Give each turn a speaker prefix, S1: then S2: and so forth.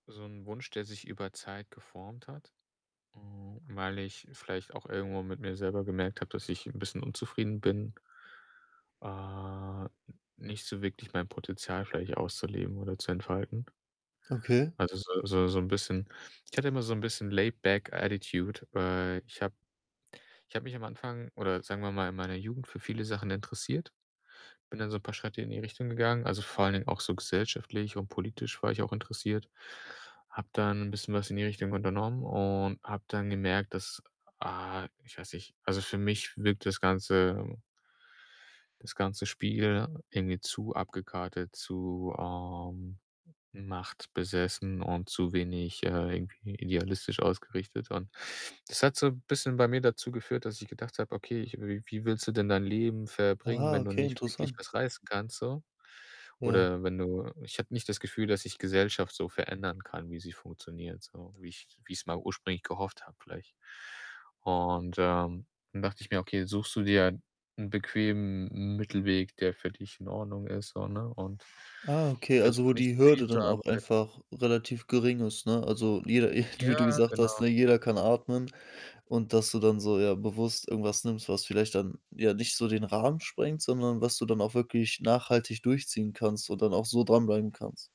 S1: So 'n Wunsch, der sich über Zeit geformt hat, ähm, weil ich vielleicht auch irgendwo mit mir selber gemerkt habe, dass ich 'n bisschen unzufrieden bin äh, n nicht so wirklich mein Potenzial vielleicht auszuleben oder zu entfalten.
S2: Okay.
S1: Also, so so so 'n bisschen ich hatte immer so 'n bisschen laid back attitude, äh, ich habe ich habe mich am Anfang oder sagen wir mal in meiner Jugend für viele Sachen interessiert, bin dann so 'n paar Schritte in die Richtung gegangen, also, vor allen Dingen auch so gesellschaftlich und politisch war ich auch interessiert, habe dann bisschen was in die Richtung unternommen und habe dann gemerkt, dass, ah, ich weiß nicht also, für mich wirkt das ganze, äh das ganze Spiel irgendwie zu abgekartet, zu, ähm, machtbesessen und zu wenig, äh, irgendwie idealistisch ausgerichtet und das hat so 'n bisschen bei mir dazu geführt, dass ich gedacht habe: „Okay, ich w wie willst du denn dein Leben verbringen,
S2: Ah,
S1: wenn du
S2: okay,
S1: nicht wirklich
S2: interessant.
S1: was reißen kannst so?
S2: Ja.
S1: Oder wenn du“ Ich habe nicht das Gefühl, dass ich Gesellschaft so verändern kann, wie sie funktioniert, so, wie ich wie ich's mal ursprünglich gehofft habe, vielleicht und, ähm, dann dachte ich mir: „Okay, suchst du dir 'nen bequemen M Mittelweg, der für dich in Ordnung ist.“, so, ne, und
S2: Ah, okay, also, wo
S1: versuche nicht
S2: die
S1: zu viel
S2: Hürde
S1: zu
S2: dann auch einfach
S1: arbeiten.
S2: relativ gering ist, ne? Also, jeder jeder,
S1: Ja,
S2: wie du gesagt hast,
S1: genau.
S2: ne, jeder kann atmen und dass du dann so, ja, bewusst irgendwas nimmst, was vielleicht dann, ja, nicht so den Rahmen sprengt, sondern was du dann auch wirklich nachhaltig durchziehen kannst und dann auch so dranbleiben kannst.